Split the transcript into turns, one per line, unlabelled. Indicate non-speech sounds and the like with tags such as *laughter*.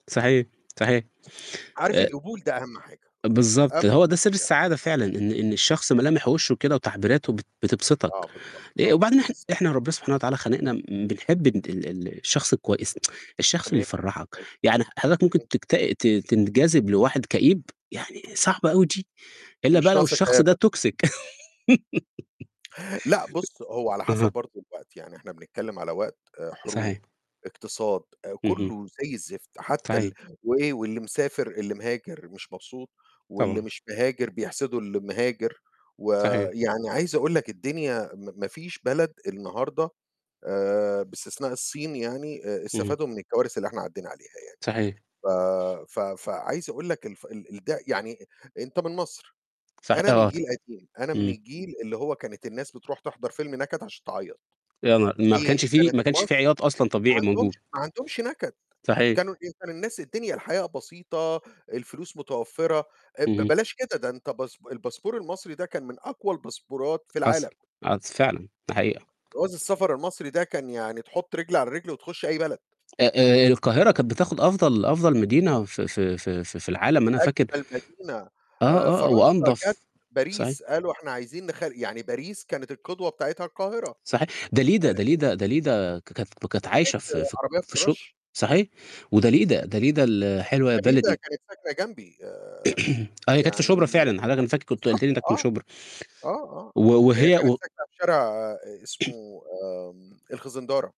صحيح، صحيح.
ص عارف
آآ
القبول ده أهَم حاجة،
بالضبط،
أم
هو ده سر
يع
السعادة فعلًا، إن إن الشخص ملامح وِشّه كده وتعبيراته بت بتبسطك
آه بالضبط،
آآ،
آه،
وبعدين إحن
بالض
إحنا ربّنا سبحانه وتعالى خالقنا م بنحب ال ال ال الشخص الكويس، *tsk* الشخص اللي
تمام.
يفرّحك. يعني ح حضرتك ممكن
*unintelligible*
تكت ت تنجذب لواحد كئيب؟ يعني صعبة أوي دي، إلّا بقى
مش
لو
ناقصة
الشخص
كئابة.
ده .toxic
لأ، بُص هو على
*laughs*
حَسَب
أها.
برضه الوقت، يعني إحنا بنتكلّم على وقت حروب،
صحيح.
اقتصاد، آآ،
اهم.
كلّه زي الزفت حتى ال
صحيح.
وإيه واللي مسافر، اللي مهاجر مش مبسوط واللي
طبعًا.
مش مهاجر بيحسده المهاجر،
صحيح.
ويعني عايز أقول لك الدنيا م ما فيش بلد النهارده آآ، باستثناء الصين يعني آآ،
اهم.
استفادوا من الكوارث اللي إحنا عدّينا عليها يعني.
صحيح.
ف ف فعايز أقول لك الف ال الد يعني أنت من مصر،
صح
أنا من
آه ت
جيل قديم، أنا من
إمم.
الجيل اللي هو كانت الناس بتروح تحضر فيلم نَكَد عشان تعيّط،
يا نها ما
دي
كانش في
كانت
ما كانش في
مص
عياط أصلًا
ما
طبيعي
عندهمش
موجود.
ما عندهمش نكد،
صحيح.
كانوا إيه، كان الناس الدنيا الحياة بسيطة، الفلوس متوفّرة آآ، ب
اهم.
بلاش كده، ده أنت باس الباسبور المصري ده كان من أقوى الباسبورات في
حصل
العالم.
*unintelligible* فعلًا، دي حقيقة.
جواز السفر المصري ده كان يعني تحُط رجل على رجل وتخُش أي بلد.
آآ آآ، القاهرة كانت بتاخد أفضل أفضل مدينة في في في في في العالم أنا فاكر
أجمل مدينة آآ
آه، آه،
فرنسا كانت
وأنضف، صحيح؟
باريس، قالوا إحنا عايزين نخل يعني باريس كانت القدوة بتاعتها القاهرة.
صحيح. داليدا
آآ
داليدا داليدا ك كانت كانت عايشة في
*unintelligible*
في
عربيات
في ش
الرش.
صحيح وداليدا
*unintelligible*
داليدا ال حلوة يا
داليدا
بلدي.
كانت ساكنة جنبي. آآ
*clears throat* آه، هي كانت في
يعني
شُبرا فعلًا، حضرتك أنا فاكر كنت
بالضبط
قلُت لي إنّك من
آه.
شُبرا.
آه، آه، آه.
و
هي
وهي
كانت
و
ساكنة في شارع
*clears throat*
اسمه آمم الخزندارة.